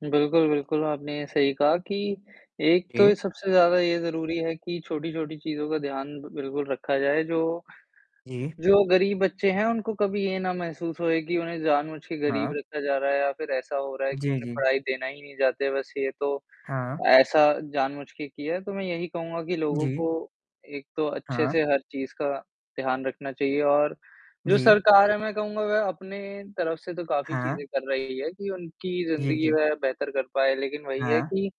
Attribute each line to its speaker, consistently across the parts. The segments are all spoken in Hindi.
Speaker 1: बिल्कुल, बिल्कुल, आपने सही कहा कि एक
Speaker 2: जी।
Speaker 1: तो सबसे ज़्यादा ये ज़रूरी है कि छोटी-छोटी चीज़ों का ध्यान बिल्कुल रखा जाए, जो
Speaker 2: जी।
Speaker 1: जो गरीब बच्चे हैं, उनको कभी ये ना महसूस होए कि उन्हें जानबूझ के गरीब
Speaker 2: हाँ।
Speaker 1: रखा जा रहा है या फ़िर ऐसा हो रहा है कि
Speaker 2: जी,
Speaker 1: उन्हें
Speaker 2: जी।
Speaker 1: पढ़ाई देना ही नहीं चाहते बस ये तो,
Speaker 2: हाँ।
Speaker 1: ऐसा जानबूझ के किया है, तो मैं यही कहूँगा कि लोगों
Speaker 2: जी।
Speaker 1: को एक तो अच्छे
Speaker 2: हाँ।
Speaker 1: से हर चीज़ का ध्यान रखना चाहिए। और जो
Speaker 2: जी।
Speaker 1: सरकार है मैं कहूँगा वह अपने तरफ से तो काफ़ी
Speaker 2: हाँ।
Speaker 1: चीज़ें कर रही है कि उनकी
Speaker 2: जी,
Speaker 1: ज़िंदगी
Speaker 2: जी।
Speaker 1: वह बेहतर कर पाए, लेकिन वही है
Speaker 2: हाँ।
Speaker 1: कि,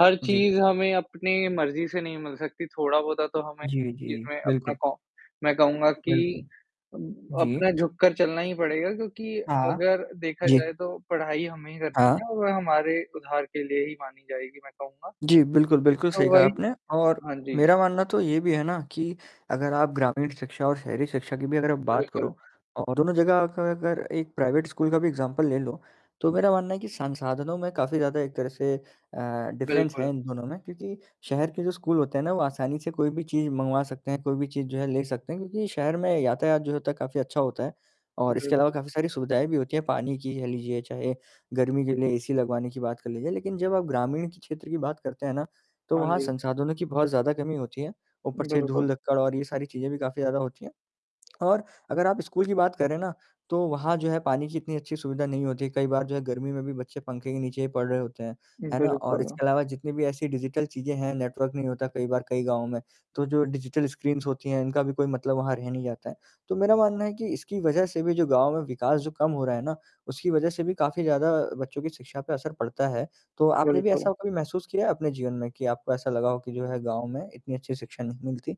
Speaker 1: हर
Speaker 2: जी।
Speaker 1: चीज़ हमें अपने मर्ज़ी से नहीं मिल सकती थोड़ा-बहुत तो हमें
Speaker 2: जी, जी।
Speaker 1: जिसमें अपना
Speaker 2: बिल्कुल।
Speaker 1: कॉ मैं कहूँगा कि
Speaker 2: बिल्कुल।
Speaker 1: उम,
Speaker 2: जी।
Speaker 1: अपना झुककर चलना ही पड़ेगा क्योंकि
Speaker 2: हाँ।
Speaker 1: अगर देखा
Speaker 2: जी।
Speaker 1: जाए तो पढ़ाई हमें ही करनी
Speaker 2: हाँ।
Speaker 1: है और हमारे उधार के लिए ही मानी जाएगी मैं कहूँगा।
Speaker 2: जी, बिल्कुल, बिल्कुल
Speaker 1: तो
Speaker 2: सही कहा
Speaker 1: वही
Speaker 2: आपने और
Speaker 1: हाँ जी।
Speaker 2: मेरा मानना तो ये भी है ना कि अगर आप ग्रामीण शिक्षा और शहरी शिक्षा की भी अगर आप बात
Speaker 1: बिल्कुल।
Speaker 2: करो और दोनों जगह का अगर एक प्राइवेट स्कूल का भी एग्ज़ाम्पल ले लो, तो मेरा मानना है कि संसाधनों में काफ़ी ज़्यादा एक तरह से अ, डिफ़रेंस है
Speaker 1: बिल्कुल।
Speaker 2: इन दोनों में क्योंकि शहर के जो स्कूल होते हैं ना वो आसानी से कोई भी चीज़ मँगवा सकते हैं, कोई भी चीज़ जो है ले सकते हैं क्योंकि शहर में यातायात जो होता है काफ़ी अच्छा होता है। और इसके अलावा
Speaker 1: बिल्कुल।
Speaker 2: काफ़ी सारी सुविधाएँ भी होती हैं पानी की कह लीजिए, चाहे गर्मी के लिए एसी लगवाने की बात कर लीजिए, लेकिन जब आप ग्रामीण क्षेत्र की बात करते हैं ना, तो
Speaker 1: हाँ
Speaker 2: वहाँ
Speaker 1: जी।
Speaker 2: संसाधनों की बहुत ज़्यादा कमी होती है, ऊपर से
Speaker 1: बिल्कुल।
Speaker 2: धूल-धक्कड़ और ये सारी चीज़ें भी काफ़ी ज़्यादा होती हैं। और अगर आप स्कूल की बात करें ना, तो वहाँ जो है पानी की इतनी अच्छी सुविधा नहीं होती कई बार जो है गर्मी में भी बच्चे पंखे के नीचे ही पढ़ रहे होते हैं, है ना? और
Speaker 1: बिल्कुल।
Speaker 2: इसके अलावा जितनी भी ऐसी डिजिटल चीज़ें हैं, नेटवर्क नहीं होता कई बार कई गाँव में, तो जो डिजिटल स्क्रीन्स होती हैं इनका भी कोई मतलब वहाँ रह नहीं जाता है। तो मेरा मानना है कि इसकी वजह से भी जो गाँव में विकास जो कम हो रहा है ना उसकी वजह से भी काफ़ी ज़्यादा बच्चों की शिक्षा पे असर पड़ता है, तो आपने भी
Speaker 1: बिल्कुल।
Speaker 2: ऐसा कभी महसूस किया है अपने जीवन में कि आपको ऐसा लगा हो कि जो है गाँव में इतनी अच्छी शिक्षा नहीं मिलती?